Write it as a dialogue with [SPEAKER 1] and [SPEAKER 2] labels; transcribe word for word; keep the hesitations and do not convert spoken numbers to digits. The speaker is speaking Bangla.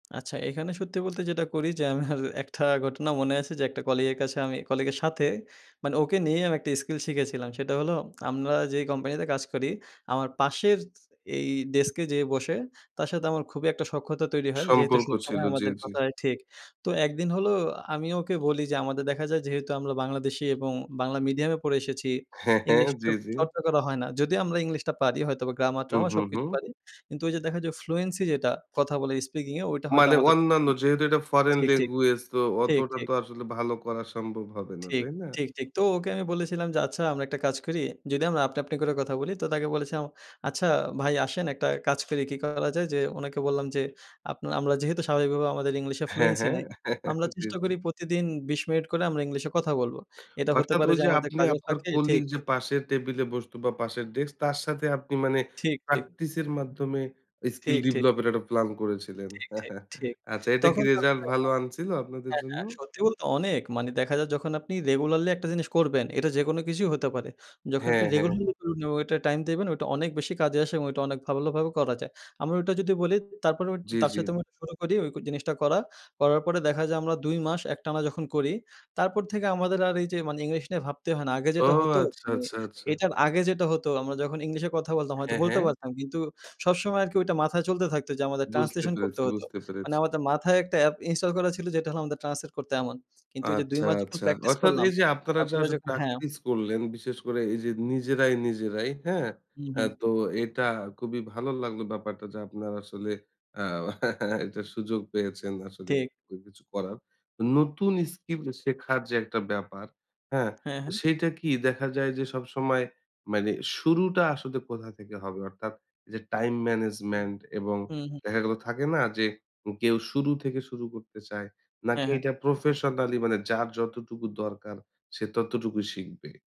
[SPEAKER 1] আচ্ছা, এখানে সত্যি বলতে যেটা করি যে, আমার একটা ঘটনা মনে আছে যে, একটা কলিগের কাছে আমি কলিগের সাথে মানে ওকে নিয়েই আমি একটা স্কিল শিখেছিলাম। সেটা হলো আমরা যেই কোম্পানিতে কাজ করি আমার পাশের স এই ডেস্কে যেয়ে বসে তার সাথে আমার খুবই একটা সখ্যতা তৈরি হয়। যেহেতু
[SPEAKER 2] সম্পর্ক ছিল,
[SPEAKER 1] সবসসময়
[SPEAKER 2] জি,
[SPEAKER 1] আমাদের
[SPEAKER 2] জি।
[SPEAKER 1] কথা হয়, ঠিক। তো এক দিন হল আমি ওকে বলি যে, আমাদের দেখা যায় যেহেতু আমরা বাংলাদেশী এবং বাংলা মিডিয়ামে পড়ে এসেছি
[SPEAKER 2] হ্যাঁ, হ্যাঁ,
[SPEAKER 1] ইংলিশ চ
[SPEAKER 2] জি, জি।
[SPEAKER 1] চর্চা করা হয় না। যদিও আমরা ইংলিশটা পারি হয়তোবা
[SPEAKER 2] হু,
[SPEAKER 1] গ্রামার-ট্রামার
[SPEAKER 2] হু,
[SPEAKER 1] সবকিছু
[SPEAKER 2] হুম।
[SPEAKER 1] পারি কিন্তু ওই যে, দেখা যায় ফ্লুয়েন্সি যেটা কথা বলে স্পিকিংয়ে ওইটা হয়তো
[SPEAKER 2] মানে
[SPEAKER 1] আমাদের
[SPEAKER 2] অন্যান্য
[SPEAKER 1] [unintelligible]
[SPEAKER 2] যেহেতু এটা ফরেন
[SPEAKER 1] ঠিক, ঠিক,
[SPEAKER 2] ল্যাঙ্গুয়েজ, তো
[SPEAKER 1] ঠিক,
[SPEAKER 2] অতটা
[SPEAKER 1] ঠিক।
[SPEAKER 2] তো আসলে ভালো করা সম্ভব হবে না।
[SPEAKER 1] ঠিক,
[SPEAKER 2] তাই না?
[SPEAKER 1] ঠিক, ঠিক। তো ওকে আমি বলেছিলাম যে, "আচ্ছা আমরা একটা কাজ করি।" যদি আমরা আপনি, আপনি করে কথা বলি তো তাকে বলেছিলাম, "আচ্ছা ভাই আসেন একটা কাজ করি।" কি করা যায় যে, উনাকে বললাম যে, "আপ আমরা যেহেতু স্বাভাবিকভাবে আমাদের ইংলিশে
[SPEAKER 2] হ্যাঁ,
[SPEAKER 1] ফ্লুয়েন্সি
[SPEAKER 2] হ্যাঁ।
[SPEAKER 1] নাই। আমরা
[SPEAKER 2] জি,
[SPEAKER 1] চেষ্টা
[SPEAKER 2] জি।
[SPEAKER 1] করি প্রতিদিন বিশ মিনিট করে আমরা ইংলিশে কথা বলবো। এটা হতে
[SPEAKER 2] অর্থাৎ
[SPEAKER 1] পারে
[SPEAKER 2] ওই
[SPEAKER 1] যে,
[SPEAKER 2] যে,
[SPEAKER 1] আমাদের
[SPEAKER 2] আপনি
[SPEAKER 1] কাজের
[SPEAKER 2] আপনার
[SPEAKER 1] ফাঁকে।"
[SPEAKER 2] কলিগ
[SPEAKER 1] ঠিক।
[SPEAKER 2] যে, পাশের টেবিলে বসতো, বা পাশের ডেস্ক তার সাথে আপনি মানে
[SPEAKER 1] ঠিক, ঠিক।
[SPEAKER 2] প্র্যাকটিস এর মাধ্যমে স্কিল
[SPEAKER 1] ঠিক, ঠিক।
[SPEAKER 2] ডিবলপ এর একটা প্লান করেছিলেন।
[SPEAKER 1] ঠিক, ঠিক, ঠিক।
[SPEAKER 2] আচ্ছা, এটা কি
[SPEAKER 1] তখন
[SPEAKER 2] রেজাল্ট ভালো
[SPEAKER 1] [unintelligible]
[SPEAKER 2] আনছিল আপনাদের
[SPEAKER 1] হ্যাঁ,
[SPEAKER 2] জন্য?
[SPEAKER 1] হ্যাঁ, সত্যি বলতে অনেক, মানে দেখা যাক যখন আপনি রেগুলারলি একটা জিনিস করবেন এটা যেকোনো কিছুই হতে পারে। যখন আপনি
[SPEAKER 2] হ্যাঁ, হ্যাঁ।
[SPEAKER 1] রেগুলারলি [unintelligible] এটা টাইম দেবেন ওটা অনেক বেশি কাজে আসে এবং ওইটা অনেক ভালোভাবে করা যায় আমরা ওটা যদি বলি তারপরে
[SPEAKER 2] জি,
[SPEAKER 1] তার
[SPEAKER 2] জি।
[SPEAKER 1] সাথে আমি শুরু করি ওই জিনিসটা করা, করার পরে দেখা যায় আমরা দুই মাস একটানা যখন করি তারপর থেকে আমাদের আর এই যে, মানে ইংলিশ নিয়ে ভাবতে হয় না। আগে
[SPEAKER 2] ও!
[SPEAKER 1] যেটা হতো
[SPEAKER 2] আচ্ছা,
[SPEAKER 1] মানে
[SPEAKER 2] আচ্ছা, আচ্ছা।
[SPEAKER 1] এটার আগে যেটা হতো আমরা যখন ইংলিশে কথা বলতাম, হয়তো
[SPEAKER 2] হ্যাঁ,
[SPEAKER 1] বলতে
[SPEAKER 2] হ্যাঁ।
[SPEAKER 1] পারতাম কিন্তু সবসময় আরকি ওইটা মাথায় চলতে থাকতো যে, আমাদের
[SPEAKER 2] বুঝতে
[SPEAKER 1] ট্রান্সলেশন
[SPEAKER 2] পেরেছি,
[SPEAKER 1] করতে হতো।
[SPEAKER 2] বুঝতে
[SPEAKER 1] মানে
[SPEAKER 2] পেরেছি।
[SPEAKER 1] আমাদের মাথায় একটা অ্যাপ ইনস্টল করা ছিল যেটা হল আমাদের ট্রান্সলেট করতে এমন। কিন্তু ওই যে, দুই
[SPEAKER 2] আচ্ছা,
[SPEAKER 1] মাস যখন
[SPEAKER 2] আচ্ছা।
[SPEAKER 1] প্র্যাকটিস
[SPEAKER 2] অর্থাৎ
[SPEAKER 1] করলাম,
[SPEAKER 2] এই যে, আপনারা যা
[SPEAKER 1] তারপরে যখন হ্যাঁ।
[SPEAKER 2] প্র্যাকটিস করলেন, বিশেষ করে এই যে, নিজেরাই, নিজেরাই, হ্যাঁ?
[SPEAKER 1] হু,
[SPEAKER 2] আ
[SPEAKER 1] হুম।
[SPEAKER 2] তো এটা খুবই ভালো লাগলো ব্যাপারটা যে, আপনারা আসলে আ এটার সুযোগ পেয়েছেন আসলে
[SPEAKER 1] ঠিক।
[SPEAKER 2] কিছু করার। নতুন স্কিল শেখার যে, একটা ব্যাপার, হ্যাঁ?
[SPEAKER 1] হ্যাঁ,
[SPEAKER 2] তো
[SPEAKER 1] হ্যাঁ।
[SPEAKER 2] সেইটা কি দেখা যায় যে, সবসময় মানে শুরুটা আসলে কোথা থেকে হবে? অর্থাৎ যে, টাইম ম্যানেজমেন্ট এবং
[SPEAKER 1] হুম, হুম।
[SPEAKER 2] দেখা গেলো থাকে না যে, কেউ শুরু থেকে শুরু করতে চায়। নাকি
[SPEAKER 1] হ্যাঁ, হ্যাঁ।
[SPEAKER 2] এটা প্রফেশনালি মানে যার যতটুকু দরকার সে ততটুকুই শিখবে?